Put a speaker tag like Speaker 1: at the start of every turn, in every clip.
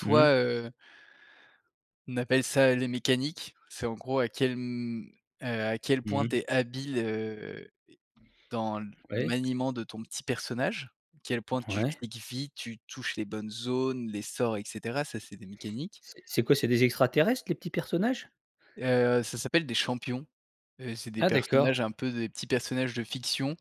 Speaker 1: Mmh.
Speaker 2: heu on appelle ça les mécaniques, c'est en gros à quel, mmh, heu, à quel
Speaker 1: Mmh
Speaker 2: point
Speaker 1: mh.
Speaker 2: tu es habile, heu, dans le
Speaker 1: Ouais.
Speaker 2: maniement de ton petit personnage, à quel point tu
Speaker 1: Ouais.
Speaker 2: cliques vite, tu touches les bonnes zones, les sorts et cetera, ça c'est des mécaniques.
Speaker 1: C'est c'est quoi, c'est des extraterrestres, les petits personnages?
Speaker 2: Heu, ça s'appelle des champions, heu, c'est des
Speaker 1: Ah, d'accord.
Speaker 2: personnages un peu des petits personnages de fiction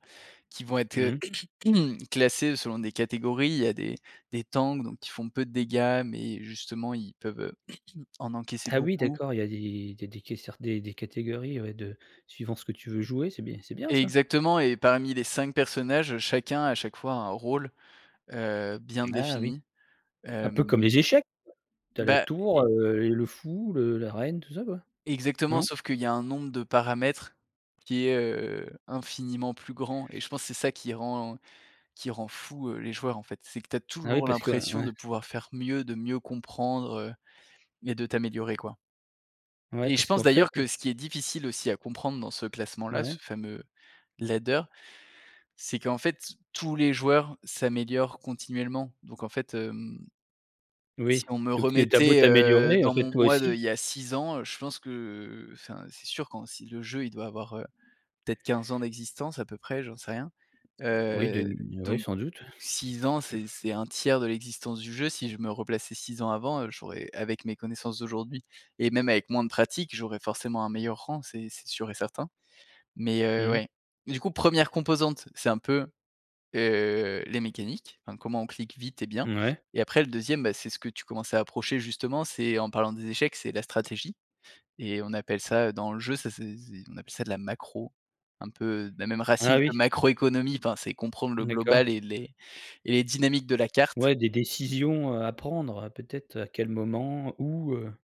Speaker 2: qui vont être, heu,
Speaker 1: Mmh.
Speaker 2: classés selon des catégories, il y a des des tanks donc qui font peu de dégâts, mais justement ils peuvent, heu, en encaisser
Speaker 1: Ah oui
Speaker 2: beaucoup
Speaker 1: d'accord, il y a des des des quésseurs des des catégories, ouais de suivant ce que tu veux jouer, c'est bien c'est bien ça.
Speaker 2: Exactement et parmi les 5 personnages, chacun, a chaque fois, un rôle, heu, bien
Speaker 1: Ah oui,
Speaker 2: défini.
Speaker 1: un peu comme
Speaker 2: Hem
Speaker 1: les échecs, tu as la
Speaker 2: Bah
Speaker 1: tour,
Speaker 2: et
Speaker 1: heu et le fou, le la reine, tout ça quoi,
Speaker 2: Exactement
Speaker 1: non?
Speaker 2: sauf qu'il y a un nombre de paramètres qui est, heu, infiniment plus grand et je pense, c'est ça qui rend qui rend fou les joueurs en fait, c'est que tu as
Speaker 1: Ah oui,
Speaker 2: toujours
Speaker 1: parce que
Speaker 2: l'impression
Speaker 1: ouais.
Speaker 2: de pouvoir faire mieux, de mieux comprendre et de t'améliorer, quoi
Speaker 1: Ouais
Speaker 2: et je
Speaker 1: parce
Speaker 2: pense
Speaker 1: qu'en fait
Speaker 2: d'ailleurs que ce qui est difficile aussi à comprendre dans ce classement-là, ce
Speaker 1: Ouais.
Speaker 2: fameux ladder, c'est qu'en fait, tous les joueurs s'améliorent continuellement. Donc en fait, hem, si
Speaker 1: Oui,
Speaker 2: on me
Speaker 1: donc tu as beau
Speaker 2: remettait, heu,
Speaker 1: t'améliorer, en
Speaker 2: dans
Speaker 1: fait,
Speaker 2: mon
Speaker 1: toi
Speaker 2: moi de il
Speaker 1: aussi.
Speaker 2: y a 6 ans, je pense que, heu, enfin c'est sûr quand si le jeu, heu, il doit avoir, heu, peut-être, 15 ans d'existence à peu près, j'en sais rien,
Speaker 1: Oui de
Speaker 2: heu,
Speaker 1: oui,
Speaker 2: donc
Speaker 1: sans doute.
Speaker 2: 6 ans, c'est c'est un tiers de l'existence du jeu. Si je me replaçais 6 ans avant, heu, j'aurais avec mes connaissances d'aujourd'hui et même avec moins de pratique, j'aurais forcément un meilleur rang, c'est c'est sûr et certain. Mais heu,
Speaker 1: Mmh.
Speaker 2: ouais, du coup, 1re composante, c'est un peu, heu, les mécaniques, enfin comment on clique vite et bien
Speaker 1: Mouais.
Speaker 2: et après le 2e, bah, c'est ce que tu commences à approcher justement, c'est en parlant des échecs, c'est la stratégie et on appelle ça dans le jeu, ça c'est c'est on appelle ça de la macro, un peu de la même
Speaker 1: Ah
Speaker 2: racine que
Speaker 1: oui.
Speaker 2: macroéconomie, enfin, c'est comprendre le
Speaker 1: D'accord.
Speaker 2: global et les et les dynamiques de la carte
Speaker 1: Ouais, des décisions, heu, à prendre, peut-être, à quel moment? Où? Heu